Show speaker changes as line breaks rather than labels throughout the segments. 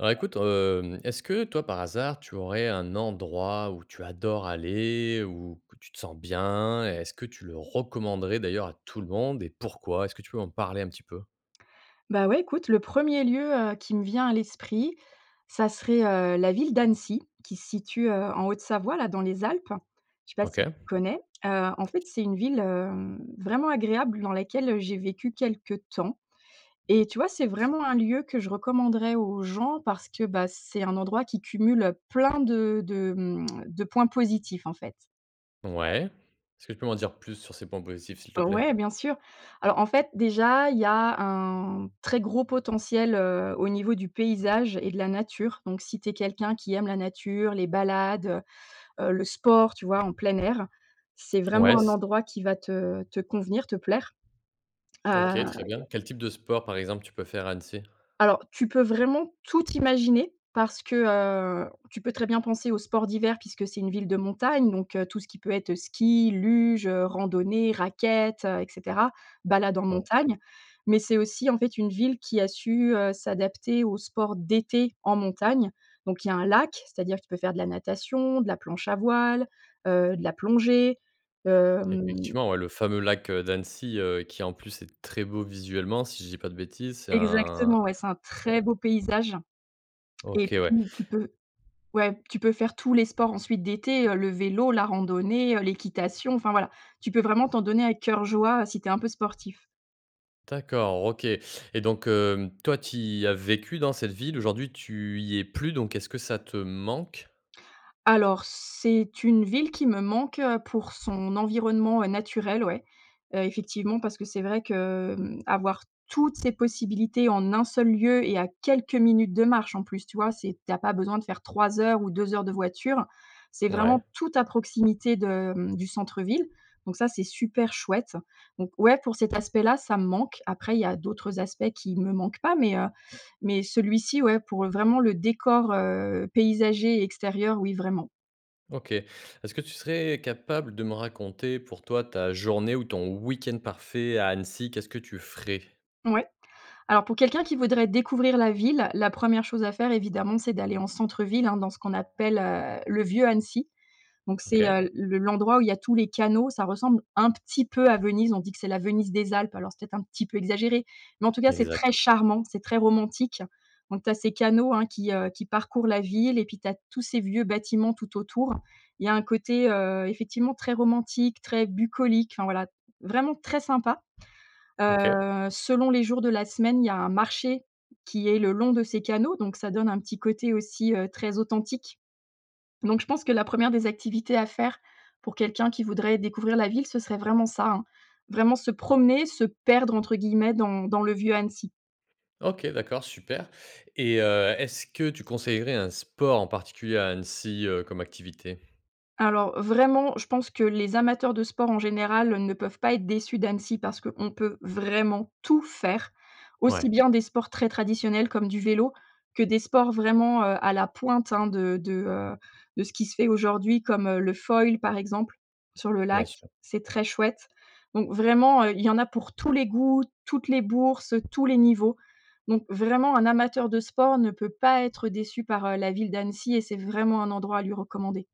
Alors écoute, hem, est-ce que toi, par hasard, tu aurais un endroit où tu adores aller ou que tu te sens bien? Est-ce que tu le recommanderais d'ailleurs à tout le monde et pourquoi? Est-ce que tu peux m'en parler un petit peu?
Bah, ouais écoute le 1er lieu, heu, qui me vient à l'esprit ça serait, heu, la ville d'Annecy qui se situe, heu, en Haute-Savoie, là, dans les Alpes. Je sais pas si
OK.
tu connais? Heu, en fait, c'est une ville, hem, vraiment agréable dans laquelle, heu, j'ai vécu quelques temps et tu vois? C'est vraiment un lieu que je recommanderais aux gens parce que, bah, c'est un endroit qui cumule, heu, plein de de, mmh, de points positifs, en fait. Ouais.
Ouais, est-ce que tu peux m'en dire plus sur ces points positifs, s'il te plaît?
Ouais, bien sûr, alors, en fait, déjà, il y a un très gros potentiel, heu, au niveau du paysage et de la nature, donc si tu es quelqu'un qui aime la nature, les balades, heu, heu, le sport, tu vois? En plein air, c'est vraiment
Ouais,
un
c
endroit qui va te te convenir, te plaire, heu
OK. Très bien. Quel type de sport, par exemple, tu peux faire à Annecy?
Alors, tu peux vraiment tout imaginer parce que, heu, tu peux très bien penser au sport d'hiver puisque c'est une ville de montagne donc heu, tout ce qui peut être ski, luge, heu, randonnée, raquettes, heu, et cetera, balade en
OK.
montagne, mais c'est aussi, en fait, une ville qui a su, heu, s'adapter au sport d'été en montagne, donc il y a un lac. C'est-à-dire tu peux faire de la natation, de la planche à voile, heu, de la plongée, hem
Effectivement, ouais, le fameux lac, heu, d'Annecy, heu, qui, en plus, est très beau visuellement, si je dis pas de bêtises, c'est un
Exactement, ouais, c'est un
c'est
très
un
beau paysage et
OK, ouais.
tu tu peu ouais, tu peux faire tous les sports ensuite d'été, heu, le vélo, la randonnée, heu, l'équitation enfin, voilà. Tu peux vraiment t'en donner à cœur joie, heu, si tu es un peu sportif.
D'accord, OK et donc, heu, toi, tu y as vécu dans cette ville aujourd'hui, tu y es plus donc, est-ce que ça te manque?
Alors, c'est une ville qui me manque, heu, pour son environnement, heu, naturel, ouais. Heu, effectivement parce que c'est vrai que, mmh, avoir toutes ces possibilités en 1 seul lieu et à quelques minutes de marche, en plus, tu vois? C'est tu as pas besoin de faire 3 heures ou 2 heures de voiture. C'est
Ouais.
vraiment tout à proximité de, mmh, du centre-ville donc ça c'est super chouette donc ouais, pour cet aspect là, ça me manque. Après il y a d'autres aspects qui me manquent pas mais heu, mais celui-ci, ouais, pour vraiment le décor, heu, paysager et extérieur, oui, vraiment.
OK. Est-ce que tu serais capable de me raconter pour toi ta journée ou ton week-end parfait à Annecy, qu'est-ce que tu ferais?
Ouais. Alors pour quelqu'un qui voudrait découvrir la ville, la 1re chose à faire évidemment, c'est d'aller en centre-ville, hein, dans ce qu'on appelle, heu, le vieux Annecy, donc c'est,
OK.
heu, le l'endroit où il y a tous les canaux. Ça ressemble un petit peu à Venise, on dit que c'est la Venise des Alpes. Alors c'est peut-être un petit peu exagéré mais en tout cas, c'est
Exact,
très
ouais.
charmant, c'est très romantique, donc tu as ces canaux, hein, qui, heu, qui parcourent la ville et puis, tu as tous ces vieux bâtiments tout autour. Il y a un côté, heu, effectivement très romantique, très bucolique, enfin voilà, vraiment très sympa.
OK.
Heu, selon les jours de la semaine, il y a un marché qui est le long de ces canaux donc ça donne un petit côté aussi, heu, très authentique, donc je pense que la 1re des activités à faire pour quelqu'un qui voudrait découvrir la ville ce serait vraiment ça, hein. Vraiment se promener, «se perdre» entre guillemets dans dans le vieux Annecy.
OK d'accord super et heu, est-ce que tu conseillerais un sport en particulier à Annecy, heu, comme activité?
Alors, vraiment je pense que les amateurs de sport en général, heu, ne peuvent pas être déçus d'Annecy parce qu'on peut vraiment tout faire. Aussi
Ouais.
bien des sports très traditionnels comme du vélo, que des sports vraiment, heu, à la pointe, hein, de de, heu, de ce qui se fait aujourd'hui comme, heu, le foil, par exemple, sur le
Bien
lac,
sûr.
c'est très chouette donc vraiment, heu, il y en a pour tous les goûts, toutes les bourses, heu, tous les niveaux donc vraiment un amateur de sport ne peut pas être déçu par, heu, la ville d'Annecy et c'est vraiment un endroit à lui recommander.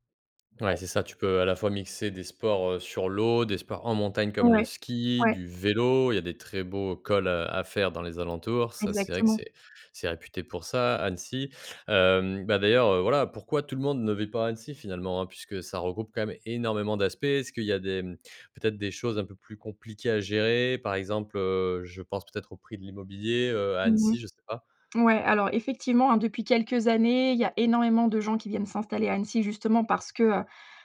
Ouais, c'est ça, tu peux à la fois mixer des sports, heu, sur l'eau, des sports en montagne comme le
Ouais,
ski,
ouais.
du vélo. Il y a des très beaux cols à à faire dans les alentours. Ça c'est vrai que
Exactement.
c'est c'est réputé pour ça, Annecy, hem, bah, d'ailleurs, heu, voilà pourquoi tout le monde ne vit pas à Annecy finalement, hein? Puisque ça regroupe quand même énormément d'aspects. Est-ce qu'il y a des, mmh, peut-être des choses un peu plus compliquées à gérer? Par exemple, heu, je pense peut-être au prix de l'immobilier, heu, à
Mmh mh.
Annecy, je sais pas.
Ouais alors effectivement, hein, depuis quelques années il y a énormément de gens qui viennent s'installer à Annecy justement parce que, heu,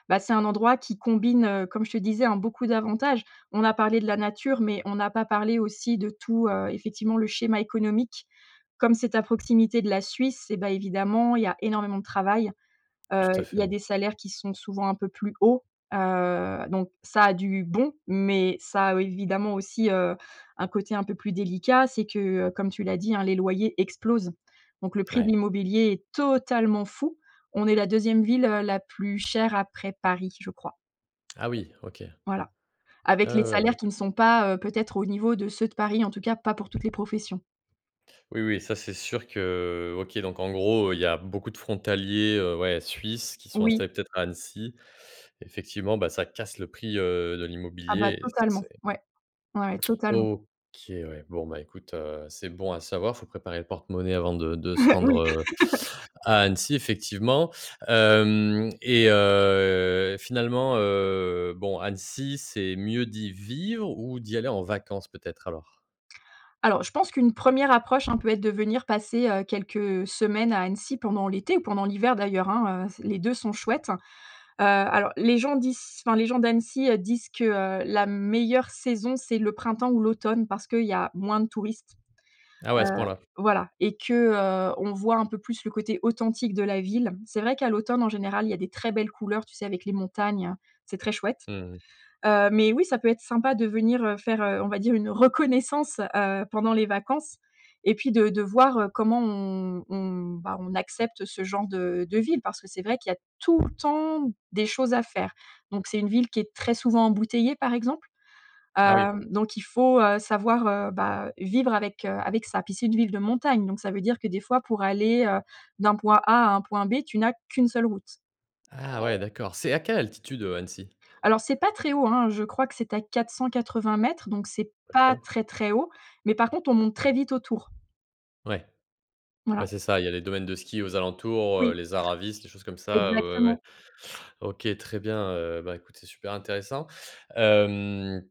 bah, c'est un endroit qui combine, heu, comme je te disais, hein, beaucoup d'avantages. On a parlé de la nature mais on n'a pas parlé aussi de tout, heu, effectivement le schéma économique. Comme c'est à proximité de la Suisse, eh bah évidemment il y a énormément de travail. Heu,
Tout à
il y a
fait.
des salaires qui sont souvent un peu plus hauts, heu, donc ça a du bon, mais ça a évidemment aussi, heu, un côté un peu plus délicat. C'est que, heu, comme tu l'as dit, hein: «Les loyers explosent» donc le prix de
Ouais.
l'immobilier est totalement fou. On est la 2e ville, heu, la plus chère après Paris, je crois.
Ah oui, OK.
Voilà.
Ah
Avec les
ouais, ouais,
salaires qui ne
d'accord.
sont pas, heu, peut-être au niveau de ceux de Paris, en tout cas, pas pour toutes les professions.
Oui oui, ça, c'est sûr que, OK, donc, en gros, il y a beaucoup de frontaliers, heu, ouais, suisses qui sont
Oui.
installés peut-être à Annecy. Effectivement, bah, ça casse le prix, heu, de
Ah bah,
l'immobilier et
totalement.
c'est
Ouais, ouais, totalement.
OK, ouais. Bon, bah écoute, heu, c'est bon à savoir. Il faut préparer le porte-monnaie avant de de se
Oui.
rendre, heu, à Annecy, effectivement. Hem et heu, finalement, heu, bon, Annecy, c'est mieux d'y vivre ou d'y aller en vacances, peut-être, alors?
Alors, je pense qu'une 1re approche, hein, peut être de venir passer, heu, quelques, heu, semaines à Annecy pendant l'été ou pendant l'hiver d'ailleurs, hein. Heu, les 2 sont chouettes. Heu, alors les gens disent enfin, les gens d'Annecy, heu, disent que, heu, la meilleure saison, c'est le printemps ou l'automne parce qu'il y a moins de touristes,
Ah ouais, à ce
heu,
point-là.
voilà et que, heu, on voit un peu plus le côté authentique de la ville. C'est vrai qu'à l'automne, en général, il y a des très belles couleurs, tu sais? Avec les montagnes, c'est très chouette.
Mmh mh.
Heu, mais oui, ça peut être sympa de venir, heu, faire, heu, on va dire, une reconnaissance, heu, pendant les vacances et puis de de voir, heu, comment on on, bah, on accepte ce genre de de vie parce que c'est vrai qu'il y a tout le temps des choses à faire donc, c'est une ville qui est très souvent embouteillée, par exemple.
Ah
Heu,
oui.
donc il faut, heu, savoir, heu, bah, vivre avec, heu, avec ça. Puis, c'est une ville de montagne, donc ça veut dire que, des fois, pour aller, heu, d'un point A à un point B, tu n'as qu'1 seule route.
Ah ouais, d'accord, c'est à quelle altitude, heu, Annecy?
Alors, c'est pas très haut, hein. Je crois que c'est à 480 m donc c'est pas
OK.
très très haut, mais, par contre, on monte très vite autour.
Ouais, ouais,
Voilà.
c'est ça. Il y a les domaines de ski aux alentours, heu,
Oui.
les Aravis, les choses comme ça. Heu, ouais, ouais.
Exactement.
OK, très bien. Heu, bah, écoute, c'est super intéressant. Hem,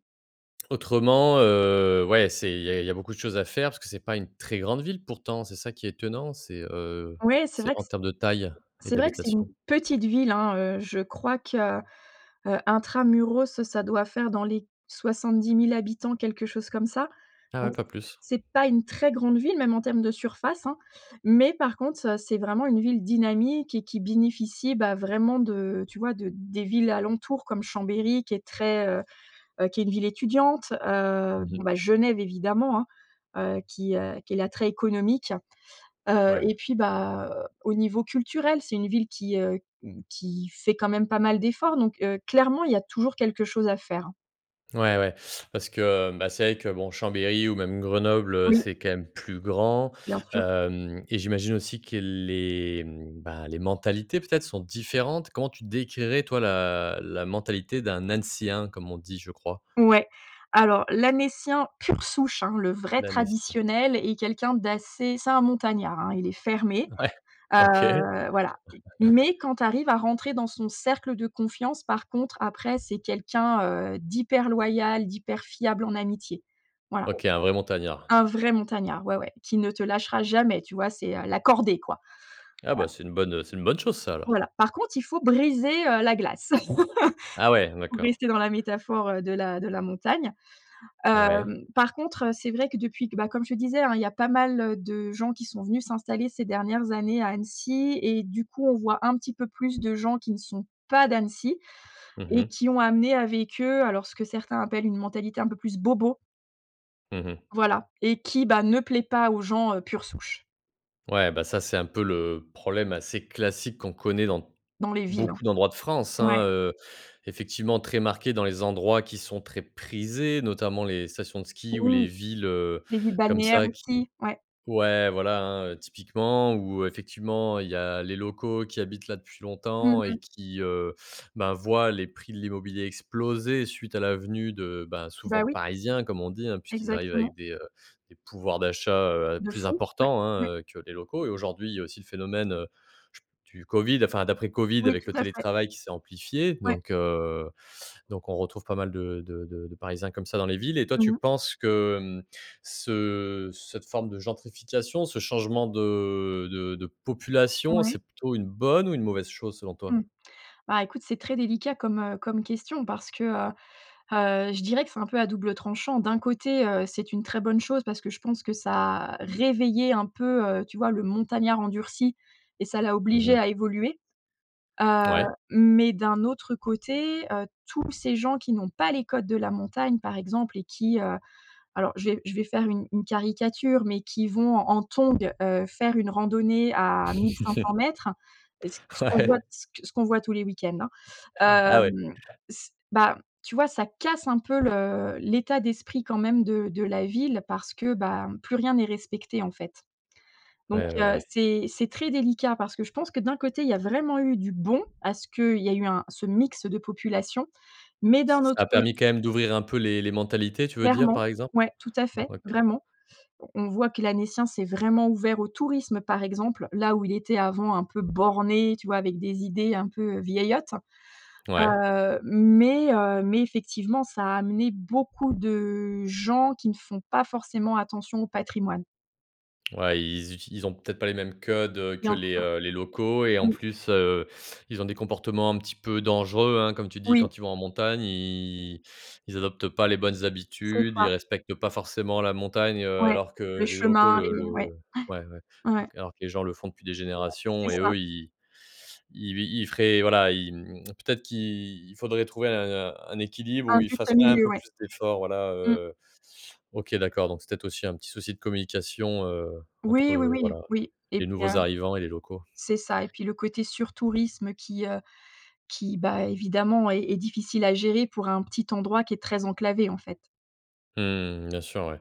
autrement, heu, ouais, c'est il y a il y a beaucoup de choses à faire parce que c'est pas une très grande ville pourtant? C'est ça qui est étonnant. C'est, heu,
Ouais. C'est
c'est
vrai
en
que c
termes de taille et
c'est vrai que c'est une
d'habitation?
petite ville, hein, heu, je crois que, heu, intra muros ça doit faire dans les 70 000 habitants quelque chose comme ça.
Ah oui, pas plus.
C'est pas une très grande ville même en termes de surface, hein mais par contre, heu, c'est vraiment une ville dynamique et qui bénéficie, bah, vraiment de, heu, tu vois? De, des villes alentour comme Chambéry qui est très, heu heu, qui est une ville étudiante. Heu,
Mmh mh.
bon, ben, Genève évidemment, hein, heu, qui, heu, qui est l'attrait économique. Heu,
Ouais.
et puis, bah, au niveau culturel c'est une ville qui, heu, qui fait quand même pas mal d'efforts donc, heu, clairement il y a toujours quelque chose à faire.
Ouais ouais, parce que, heu, bah, c'est vrai que bon, Chambéry ou même Grenoble, heu,
Oui.
c'est quand même plus grand,
Bien sûr.
hem, et j'imagine aussi que les, mmh, bah, les mentalités peut-être sont différentes? Comment tu décrirais toi la la mentalité d'un «Annécien», comme on dit, je crois?
Ouais, alors, l'Annécien pur souche, hein, le vrai
L'annécien.
traditionnel est quelqu'un d'assez c'est un montagnard, hein, il est fermé.
Ouais. OK.
Heu, voilà mais quand tu arrives à rentrer dans son cercle de confiance par contre, après c'est quelqu'un, heu, d'hyper loyal, d'hyper fiable en amitié. Voilà.
OK. Un vrai montagnard.
Un vrai montagnard ouais ouais qui ne te lâchera jamais tu vois? C'est, heu, la cordée quoi.
Ah, bah
[unintelligible]
c'est une bonne c'est une bonne chose ça, alors?
Voilà. Par contre il faut briser, heu, la glace
Ah ouais,
pour
d'accord.
rester dans la métaphore, heu, de la de la montagne.
Ouais.
Hem, par contre, heu, c'est vrai que depuis que, bah, comme je te disais, hein: «Il y a pas mal heu, de gens qui sont venus s'installer ces dernières années à Annecy» et du coup on voit un petit peu plus de gens qui ne sont pas d'Annecy
Mmh
et
mh.
qui ont amené avec eux alors, ce que certains appellent une mentalité un peu plus bobo.
Mmh mh.
Voilà et qui, bah, ne plaît pas aux gens, heu, pure souche.
Ouais, bah, ça c'est un peu le problème assez classique qu'on connaît dans
Dans les villes, hein.
beaucoup d'endroits de France,
Ouais.
hein, heu, effectivement très marqués dans les endroits qui sont très prisés. Notamment les stations de ski ou les
Oui.
villes, heu,
Les villes
comme
balnéaires
ça qui
aussi, ouais.
ouais, voilà, hein, heu, typiquement où effectivement, il y a les locaux qui habitent là depuis
Mmh
longtemps et
mh.
qui, heu, ben, voient les prix de l'immobilier exploser suite à la venue de, heu, bah souvent
Bah,
«de
oui.
parisiens», comme on dit, hein, puisqu'ils arrivent
Exactement.
avec des, heu, des pouvoirs d'achat, heu,
De
plus
fou. Ouais.
importants,
Ouais.
hein, heu, que les locaux et aujourd'hui, il y a aussi le phénomène, heu, je p du Covid, enfin d'après Covid
Oui,
avec
tout
le
à fait.
télétravail qui s'est amplifié
Ouais.
donc, heu, donc on retrouve pas mal de de de parisiens comme ça dans les villes. Et toi,
Mmh
tu
mh.
penses que, mmh, ce, heu, cette forme de gentrification, ce changement de de de population,
Ouais.
c'est plutôt une bonne ou une mauvaise chose selon toi?
Mmh. Bah, écoute c'est très délicat comme, heu, comme question parce que, heu heu, je dirais que c'est un peu à double tranchant. D'un côté, heu, c'est une très bonne chose parce que je pense que ça réveillait un peu, heu, tu vois? Le montagnard endurci et ça l'a
Mmh
obligé
mh.
à évoluer, heu,
Ouais.
mais d'un autre côté, heu, tous ces gens qui n'ont pas les codes de la montagne par exemple et qui, heu alors je vais je vais faire une une caricature mais qui vont en tongs, heu, faire une randonnée à mille cinq cent mètres, c ce qu'on voit
Ouais.
c ce qu'on voit tous les week-ends, hein,
Ah ouais?
hem, c bah, tu vois? Ça casse un peu, le l'état d'esprit quand même de de la ville parce que, bah, plus rien n'est respecté en fait donc,
Ouais, ouais,
heu,
ouais.
c'est c'est très délicat parce que je pense que d'un côté il y a vraiment eu du bon, à ce qu'il y a eu un ce mix de population mais,
Ç
d'un
ça
autre
a permis quand même d'ouvrir un peu les les mentalités tu veux dire
Clairement.
par exemple?
Ouais, tout à fait
OK.
vraiment. On voit que l'Annécien s'est vraiment ouvert au tourisme par exemple. Là où il était avant un peu borné, tu vois? Avec des idées un peu, heu, vieillottes.
Ouais.
Heu, mais heu, mais effectivement ça a amené beaucoup de gens qui ne font pas forcément attention au patrimoine.
Ouais ils utilisent ils ont peut-être pas les mêmes codes, heu, que
Bien
les,
sûr.
heu, les locaux et en
Mmh.
plus, heu, ils ont des comportements un petit peu «dangereux», hein, comme tu dis
Oui.
quand ils vont en montagne ils ils adoptent pas les bonnes
C'est
habitudes. Ils
ça.
respectent pas forcément la montagne, heu,
Ouais
alors que,
le
heu, les locaux
chemin,
le
les
le,
ouais
heu ouais ouais,
ouais ouais.
alors que les gens le font depuis des
C'est
générations et
ça.
eux ils ils ils feraient voilà ils, mmh mmh, peut-être qu'il faudrait trouver un un équilibre
Un
où ils
juste
fassent un
milieu,
peu
ouais.
plus d'efforts voilà,
Mmh.
heu, OK, d'accord donc c'est peut-être aussi un petit souci de communication, heu, entre,
Oui oui
heu,
oui
voilà
oui et
les
puis un
nouveaux arrivants et les locaux.
c'est ça et puis le côté sur tourisme qui, heu, qui, bah, évidemment est est difficile à gérer pour un petit endroit qui est très enclavé en fait.
Mmh. Bien sûr, ouais.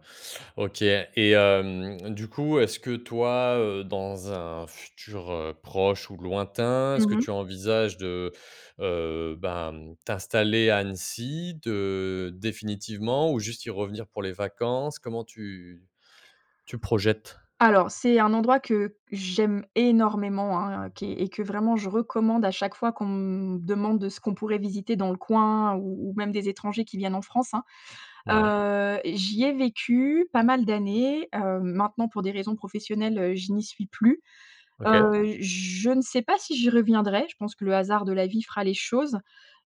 OK, et hem, du coup est-ce que toi, heu, dans un futur, heu, proche ou lointain, est-ce que
Mmh mh.
tu envisages de, heu, ben, t'installer à Annecy, de définitivement ou juste y revenir pour les vacances? Comment tu tu projettes?
Alors, c'est un endroit que j'aime énormément, hein, qui est et que vraiment je recommande à chaque fois qu'on me demande ce qu'on pourrait visiter dans le coin ou ou même des étrangers qui viennent en France, hein.
Ouais.
Heu, j'y ai vécu pas mal d'années, hem, maintenant pour des raisons professionnelles, je n'y suis plus,
OK.
heu, je ne sais pas si j'y reviendrai. Je pense que le hasard de la vie fera les choses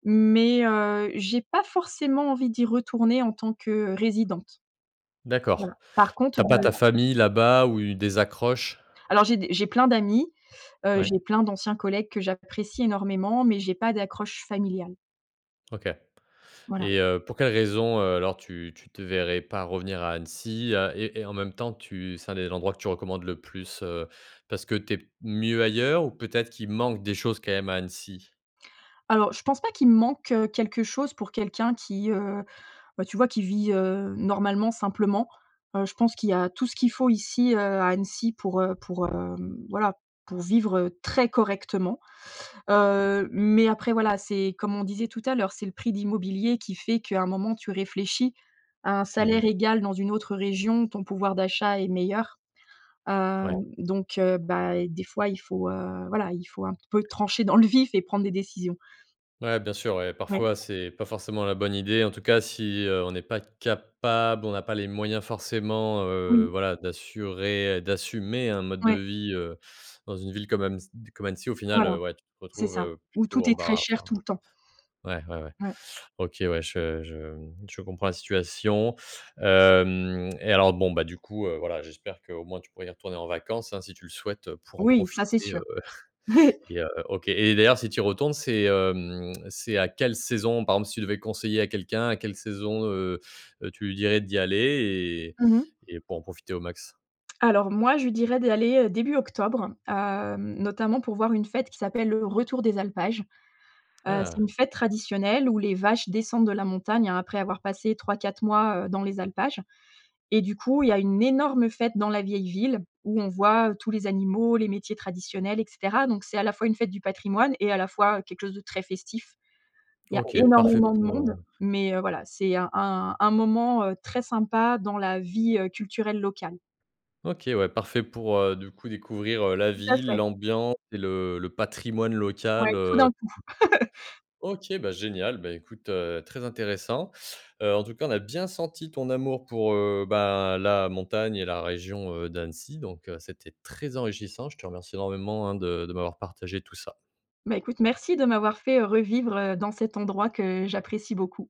mais heu, j'ai pas forcément envie d'y retourner en tant que résidente.
D’accord.
Voilà. Par
Tu
contre,
as
de
pas ta famille là-bas ou u des accroches?
Alors, j’ai d j’ai plein d'amis, heu, j'ai
Ouais.
plein d'anciens collègues que j'apprécie énormément mais j'ai pas d'accroche familiale.
OK
Voilà.
et heu, pour quelle raison, heu, alors tu tu te verrais pas revenir à Annecy et et et en même temps tu c'est un des endroits que tu recommandes le plus? Heu, parce que tu es p mieux ailleurs ou peut-être qu'il manque des choses quand même à Annecy?
Alors, je pense pas qu'il manque, heu, quelque chose pour quelqu'un qui, heu, bah, tu vois? Qui vit, heu, normalement simplement. Heu, je pense qu'il y a tout ce qu'il faut ici, heu, à Annecy pour, heu, pour, hem, voilà, pour vivre très correctement. Heu, mais après, voilà, c'est comme on disait tout à l'heure, c'est le prix de l'immobilier qui fait qu'à un moment, tu réfléchis. À un
Mmh mh.
salaire égal dans une autre région ton pouvoir d'achat est meilleur. Heu,
Ouais.
donc heu, bah, des fois, il faut, heu, voilà, il faut un peu trancher dans le vif et prendre des décisions.
Ouais, bien sûr, ouais.
Ouais.
Parfois, c'est pas forcément la bonne idée, en tout cas si, heu, on n'est pas capable, on n'a pas les moyens forcément,
Mmh
heu,
mh.
voilà, d'assurer d'assumer un mode de
Ouais.
vie, heu, dans une ville comme amessi comme Annecy, heu, même si au final,
Voilà,
ouais, tu te
c'est ça,
retrouves
où
plutôt
tout est très
embarr
cher
enfin,
tout le temps.
ouais, ouais, ouais.
Ouais.
OK, ouais. Je je je comprends la situation. Hem, et alors, bon, bah, du coup, heu, voilà, j'espère qu'au moins tu pourras y retourner en vacances, hein, si tu le souhaites pour en
Oui, ça c'est
profiter,
sûr.
heu, et heu, OK, et d'ailleurs, si tu y retournes, c'est, hem, c'est à quelle saison? Par exemple, si tu devais conseiller à quelqu'un à quelle saison, heu, heu, tu lui dirais d'y aller
Mmh mh.
et et pour en profiter au max?
Alors moi, je dirais d'aller, heu, début octobre, heu, notamment pour voir une fête qui s'appelle le retour des alpages. Heu, c'est
Ah.
une fête traditionnelle où les vaches descendent de la montagne, hein, après avoir passé 3-4 mois, heu, dans les alpages, et du coup, il y a une énorme fête dans la vieille ville où on voit tous les animaux, les métiers traditionnels et cetera, donc c'est à la fois une fête du patrimoine et à la fois quelque chose de très festif. Il y a
OK. Parfait
énormément de
pour,
monde
heu
mais voilà, c'est un un un moment, heu, très sympa dans la vie, heu, culturelle locale.
OK, ouais. Parfait pour, heu, du coup, découvrir, heu, la
Tout à
ville,
fait.
l'ambiance et le le patrimoine
Ouais.
local,
Tout
heu
d'un coup.
OK, bah, génial, ben, écoute, heu, très intéressant. Heu, en tout cas, on a bien senti ton amour pour, heu, bah, la montagne et la région, heu, d'Annecy donc heu, c'était très enrichissant. Je te remercie énormément, hein, de de m'avoir partagé tout ça.
Bah, écoute, merci de m'avoir fait revivre, heu, dans cet endroit que j'apprécie beaucoup.